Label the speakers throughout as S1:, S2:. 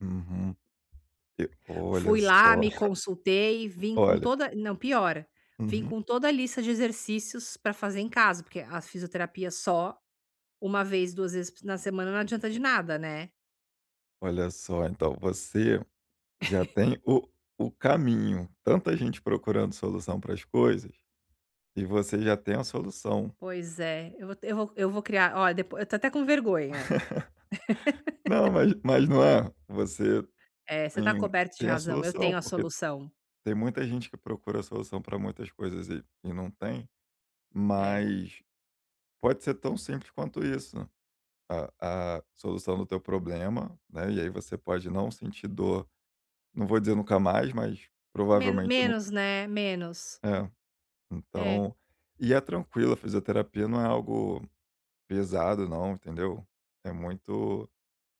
S1: Uhum. E olha
S2: Fui lá,
S1: só.
S2: me consultei, vim com
S1: Olha
S2: toda não piora, vim
S1: Uhum.
S2: com toda a lista de exercícios pra fazer em casa, porque a fisioterapia só 1 vez, 2 vezes p na semana não adianta de nada, né.
S1: Olha só, então você já tem o o caminho, tanta gente procurando solução pra as coisas, e você já tem a solução.
S2: Pois é, eu vou te eu vou vou criar olha depo eu tô até com vergonha.
S1: Não, mas mas não é? Você
S2: É você tá
S1: tem
S2: coberto de
S1: tem a
S2: razão, eu
S1: solução
S2: tenho a
S1: porque
S2: solução.
S1: tem muita gente que procura a solução pra muitas coisas e e não tem,
S2: É.
S1: mas pode ser tão simples quanto isso, a a solução do teu problema, né, e aí você pode não sentir dor. Não vou dizer nunca mais, mas
S2: Men
S1: provavelmente no
S2: menos, né, menos.
S1: É,
S2: É.
S1: então, e é tranquilo, a fisioterapia não é algo pesado não, entendeu? É muito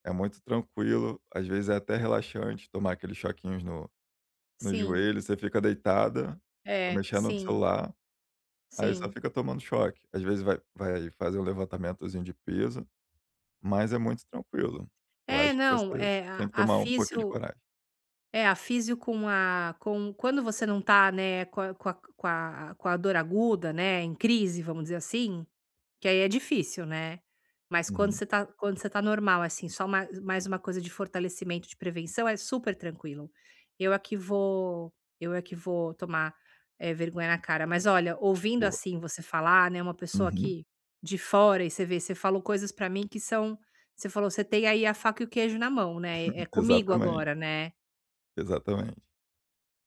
S1: é muito tranquilo, às vezes, é até relaxante tomar aqueles choquinhos no no
S2: Sim.
S1: joelho, você fica deitada, fica
S2: É.
S1: mexendo no
S2: Sim.
S1: celular, aí só
S2: Sim.
S1: fica tomando choque. Às vezes, vai vai fazer um levantamentozinho de peso, mas é muito tranquilo. Eu
S2: É,
S1: acho que
S2: não,
S1: você
S2: é
S1: tem
S2: a
S1: que
S2: a
S1: tomar um pouquinho de
S2: fisio
S1: coragem.
S2: é a fisio com a com Quando você não tá, né, com com a com a dor aguda, né, em crise vamos dizer assim, que aí é difícil, né, mas quando
S1: Uhum.
S2: você tá quando você tá normal, assim, só ma só mais uma coisa de fortalecimento de prevenção, é super tranquilo. Eu aqui vou eu aqui vou tomar, eh, vergonha na cara, mas olha ouvindo,
S1: Boa.
S2: assim, você falar, né, uma pessoa
S1: Uhum.
S2: que de fora e você vê você falou coisas pra mim que são você falou: "Você tem aí, a faca e o queijo na mão". Né?
S1: Uhum.
S2: É comigo
S1: Exatamente.
S2: agora, né.
S1: Exatamente.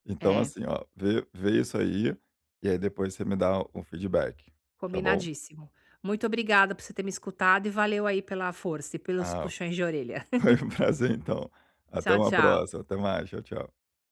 S1: Então
S2: É.
S1: assim, ó, vê vê isso aí, e aí depois você me dá o feedback, tá bom?
S2: Combinadíssimo. Muito obrigada por você ter me escutado e valeu aí, pela força e pelos
S1: Ah,
S2: puxões de orelha.
S1: foi um prazer, então. Até
S2: Tchau,
S1: uma
S2: tchau.
S1: próxima, até mais, tchau tchau.